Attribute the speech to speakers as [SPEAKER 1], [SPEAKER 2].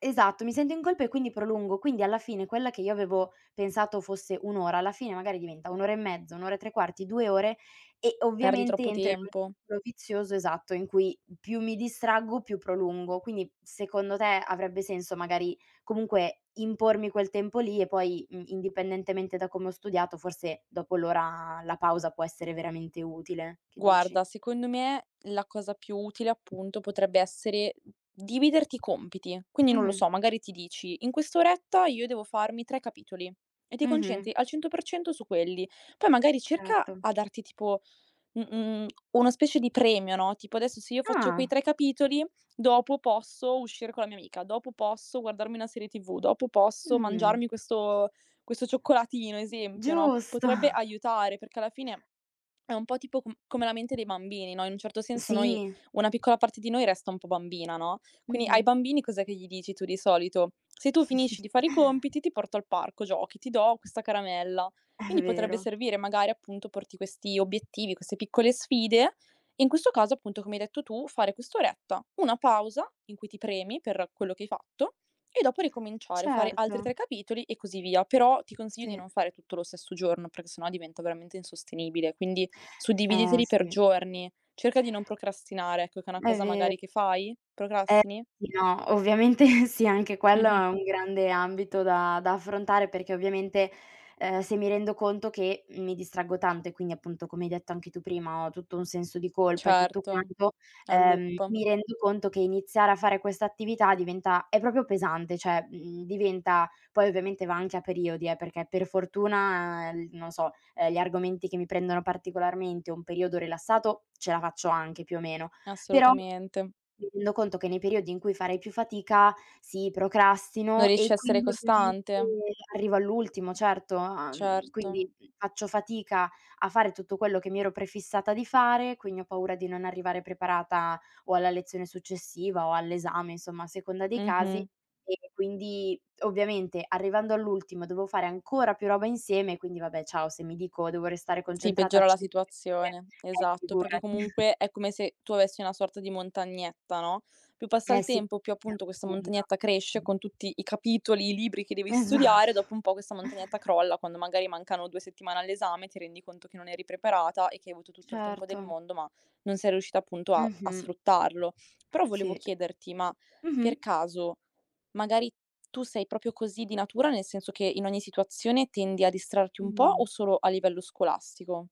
[SPEAKER 1] Esatto, mi sento in colpa e quindi prolungo, quindi alla fine quella che io avevo pensato fosse 1 ora, alla fine magari diventa 1 ora e mezzo, un ora e 3/4, 2 ore e
[SPEAKER 2] Perdi
[SPEAKER 1] ovviamente
[SPEAKER 2] troppo
[SPEAKER 1] entro in un
[SPEAKER 2] tempo.
[SPEAKER 1] circolo vizioso esatto in cui più mi distraggo, più prolungo. Quindi secondo te avrebbe senso magari comunque impormi quel tempo lì e poi i indipendentemente da come ho studiato forse dopo l'ora la pausa può essere veramente utile, che dici?
[SPEAKER 2] Guarda, secondo me la cosa più utile appunto potrebbe essere dividerti i compiti. Quindi non lo
[SPEAKER 1] Mh.
[SPEAKER 2] so, magari ti dici in quest'oretta io devo farmi 3 capitoli e ti
[SPEAKER 1] Mh-mh.
[SPEAKER 2] concentri al 100% su quelli. Poi magari cerca
[SPEAKER 1] Certo.
[SPEAKER 2] a darti tipo mhmm mhmm una specie di premio, no, tipo adesso se io faccio quei
[SPEAKER 1] Ah.
[SPEAKER 2] 3 capitoli dopo posso uscire con la mia amica, dopo posso guardarmi una serie TV, dopo posso
[SPEAKER 1] Mh.
[SPEAKER 2] mangiarmi questo questo cioccolatino, esempio, no,
[SPEAKER 1] Giusto.
[SPEAKER 2] potrebbe aiutare perché alla fine è un po' tipo c come la mente dei bambini, no, in un certo senso noi,
[SPEAKER 1] Sì.
[SPEAKER 2] una piccola parte di noi resta un po' bambina, no, quindi ai
[SPEAKER 1] Mh-mh.
[SPEAKER 2] bambini cos'è che gli dici tu di solito? "Se tu finisci di fare i compiti, ti porto al parco giochi, ti do questa caramella."
[SPEAKER 1] È
[SPEAKER 2] Quindi potrebbe
[SPEAKER 1] vero.
[SPEAKER 2] servire magari appunto porti questi obiettivi, queste piccole sfide e in questo caso appunto come hai detto tu fare quest'oretta, una pausa in cui ti premi per quello che hai fatto e dopo ricominciare, fare altri
[SPEAKER 1] Certo.
[SPEAKER 2] 3 capitoli e così via. Però ti consiglio di
[SPEAKER 1] Sì.
[SPEAKER 2] non fare tutto lo stesso giorno perché sennò diventa veramente insostenibile. Quindi
[SPEAKER 1] Eh,
[SPEAKER 2] suddividiteli per
[SPEAKER 1] sì.
[SPEAKER 2] giorni, cerca di non procrastinare, ecco che è una
[SPEAKER 1] È
[SPEAKER 2] cosa
[SPEAKER 1] ve
[SPEAKER 2] magari che fai.
[SPEAKER 1] E
[SPEAKER 2] Procrastini?
[SPEAKER 1] sì, no ovviamente sì, anche quello
[SPEAKER 2] Mh-mh.
[SPEAKER 1] è un grande ambito da da affrontare perché ovviamente, ehm, se mi rendo conto che mi distraggo tanto e quindi appunto come hai detto anche tu prima ho tutto un senso di colpa e tutto
[SPEAKER 2] Certo,
[SPEAKER 1] quanto,
[SPEAKER 2] è un
[SPEAKER 1] ehm,
[SPEAKER 2] loop.
[SPEAKER 1] mi rendo conto che iniziare a fare questa attività diventa è proprio pesante. Cioè, uhm, diventa poi ovviamente va anche a periodi eh, perché per fortuna, ehm, non lo so, ehm, gli argomenti che mi prendono particolarmente un periodo rilassato ce la faccio anche più o meno, però
[SPEAKER 2] Assolutamente.
[SPEAKER 1] mi rendo conto che nei periodi in cui farei più fatica sì,
[SPEAKER 2] Non
[SPEAKER 1] procrastino,
[SPEAKER 2] riesci
[SPEAKER 1] e
[SPEAKER 2] a essere
[SPEAKER 1] quindi ovviamente
[SPEAKER 2] costante?
[SPEAKER 1] arrivo all'ultimo, certo. Uhm,
[SPEAKER 2] Certo.
[SPEAKER 1] quindi faccio fatica a fare tutto quello che mi ero prefissata di fare, quindi ho paura di non arrivare preparata o alla lezione successiva o all'esame, insomma a seconda dei casi
[SPEAKER 2] Mh-mh.
[SPEAKER 1] e quindi, ovviamente, arrivando all'ultimo dovevo fare ancora più roba insieme, quindi, vabbè, ciao, se mi dico devo restare
[SPEAKER 2] Sì,
[SPEAKER 1] concentrata,
[SPEAKER 2] peggiora la
[SPEAKER 1] [unintelligible] eh,
[SPEAKER 2] situazione, esatto,
[SPEAKER 1] figurati.
[SPEAKER 2] perché comunque è come se tu avessi una sorta di montagnetta, no, più passa
[SPEAKER 1] Eh,
[SPEAKER 2] il
[SPEAKER 1] sì.
[SPEAKER 2] tempo, più
[SPEAKER 1] Si
[SPEAKER 2] appunto questa
[SPEAKER 1] accumula.
[SPEAKER 2] montagnetta cresce
[SPEAKER 1] Mh.
[SPEAKER 2] con tutti i capitoli, i libri che devi studiare.
[SPEAKER 1] Esatto.
[SPEAKER 2] Dopo un po' questa montagnetta crolla quando magari mancano 2 settimane all'esame e ti rendi conto che non eri preparata e che hai avuto tutto il tempo del
[SPEAKER 1] Certo.
[SPEAKER 2] mondo, ma non sei riuscita appunto a a
[SPEAKER 1] Mh-mh.
[SPEAKER 2] sfruttarlo. Però volevo
[SPEAKER 1] Sì.
[SPEAKER 2] chiederti, ma
[SPEAKER 1] Mh-mh.
[SPEAKER 2] per caso magari tu sei proprio così di natura, nel senso che in ogni situazione tendi a distrarti un po' o
[SPEAKER 1] Mh-mh.
[SPEAKER 2] solo a livello scolastico?